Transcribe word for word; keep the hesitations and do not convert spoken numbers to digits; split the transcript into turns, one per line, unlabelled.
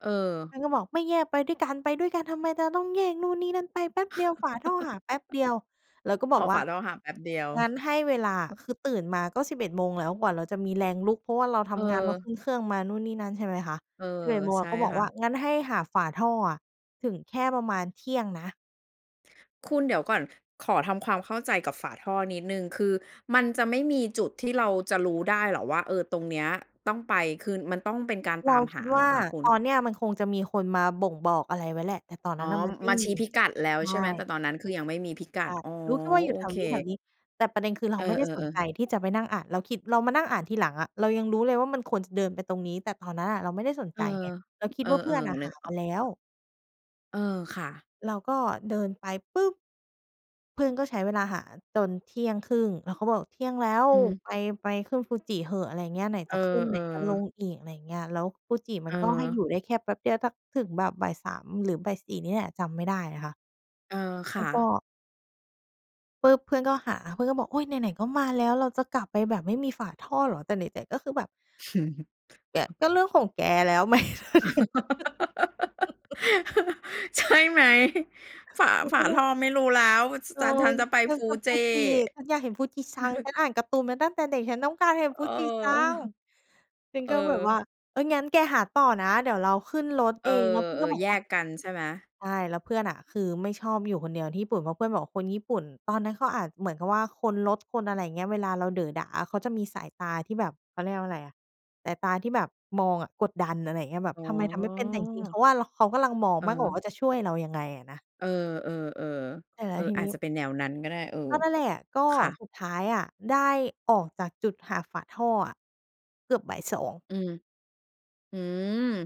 เออ
มันก็บอก "ไม่แยกไปด้วยกัน ไปด้วยกันทำไมจะต้องแยกนู่นนี่นั่น ไปแป๊บเดียวฝาท่อหาแป๊บเดียว" เราก็บ
อ๋
อ
อ
กว
ฝ
่า
าเราหาแป๊บเดียว
"งั้นให้เวลา"
อือ
คือตื่นมาก็ สิบเอ็ด โมงแล้ว กว่าเราจะมีแรงลุก เพราะว่าเราทำงาน เราข
เออ
ึ้นเครื่องมานู่นนี่นั่น ใช่ไหมคะ
เออ
สิบเอ็ด โมง
ใช
อ
่
ะ ก็บอก
ค่
ว่
ะ
า "งั้นให้หาฝาท่ออะ ถึงแค่ประมาณเที่ยงนะ"
คุณ เดี๋ยวก่อน ขอทำความเข้าใจกับฝาท่อนิดหนึ่ง คือมันจะไม่มีจุดที่เราจะรู้ได้เหรอว่า เอ่อ ตรงเนี้ยต้องไป คือมันต้องเป็นการ
เร
ต
า
าม
ค
ห
ิด
า
ว
เหร
่า
อคะคุ
ต
ณ?
อนเนี่ยมันคงจะมีคนมาบ่งบอกอะไรไว้แหละ แต่ตอน
อ
นั
๋อ
้นน่ะ มันไม่
มา
ม
ช
ี
ี้พิกัดแล้
ใ
ว
ช
ใช่ไหม
่
แต่ตอนนั้น คือ ยังไม่มีพิกัด
อา
อ๋อ
รู้แค่ว่าอยู
โอ
่แถ
เ
วน
ค
ี้ ๆ แต่ประเด็น คือ เร
เอ
าไม่ได้ส
อ
นใ
ๆ
จ
ๆ
ที่จะไปนั่งอ่าน เราคิด เรามานั่งอ่านทีหลังอะ เรายังรู้เลยว่า มันควรจะเดินไปตรงนี้ แต่ตอนนั้นน่ะเราไม่ได้สน
เ
ใ
อ
จ
อ
ไง เราคิ
เ
ด
อ
ว
อ
่า เพื่อนน่ะ
ๆ น
ห
ึ
า
กอ
ม
อ
า
ก
แล้
อะ
ว
เออ ค่ะ
เราก็เดินไปปุ๊บ! เพื่อนก็ใช้เวลาหาจน เที่ยงครึ่ง เราก็บอก "เที่ยงแล้ว
อืม
ไป ไปขึ้นฟูจิเถอะ" อะไรอย่างเงี้ย "ไหน
เอ
จ
อ
ะขึ้น ไหนจะล
ๆ
งอีก" อะไรอย่างเงี้ย แล้วฟูจิม
เ
ัน ก็ให้
ออ
อยู่ได้แค่แป๊บเดียว สักถึงแบบ บ่ายสาม หรือ บ่ายสี่ นี่แหละ จำไม่ได้นะคะ
เออ ค
แล
่
้วก็
ะ
ปุ๊บ! เพื่อนก็หา เพื่อนก็บอก "โอ๊ย ไหน ๆ ก็มาแล้ว เราจะกลับไปแบบไม่มีฝาท่อเหรอ?" แต่ไหน ๆ ก็คือแบบ เนี่ย ก็เรื่องของแกแล้ว ไหม?
ใช่ไหม ฝา
เรา
ฝ
ก็
า
ว่
ท
า
่อไม่รู้แล้ว
เอ
ฉ
อ
ัน ฉันจะไป
[unintelligible]
Fuji
Fuji ฉันอยากเห็น Fuji-san ฉันอ่านการ์ตูนมาตั้งแต่เด็ก ฉันต้องการเห็น
เออ
Fuji-san ฉัน
เออ
ก็แบบว่า "เอ่อ งั้นแกหาต่อนะเดี๋ยวเราขึ้นรถ
เอ
เอง" แล้วเพื่อนก็
อ
บ
ๆ
อก
แย
ว่า
กกันใช่ไหม?
ใช่ แล้วเพื่อนน่ะ คือไม่ชอบอยู่คนเดียวที่ญี่ปุ่น เพราะเพื่อนบอกคนญี่ปุ่น ตอนนั้นเขาอาจเหมือนกับว่า คนรถ คน อะไรอย่างเงี้ย เวลาเราเด๋อด่า เขาจะมีสายตาที่แบบ เขาเรียกว่าอะไรอะ สายตาที่แบบมองอะ กดดัน อะไรอย่างเงี้ย แบบ
อ๋
ทำไมทำไม่เป็น แต่จริง ๆ เข
อ
าว่า เรา เขากำลังมองมากกว่า
เออ
ว่า จะช่วยเรายังไงอะนะ
เออ ๆ
แต่แล
ๆ
้
เอ
ว
อ
ที
อ
น
า
ี้
จจะเป็นแนวนั้นก็ได้ เออ
ก็นั่นแหละ ก็
ค่ะ
สุดท้ายอะ ได้ออกจากจุดหาฝาท่ออะ เกือบ บ่ายสอง
อืม อืม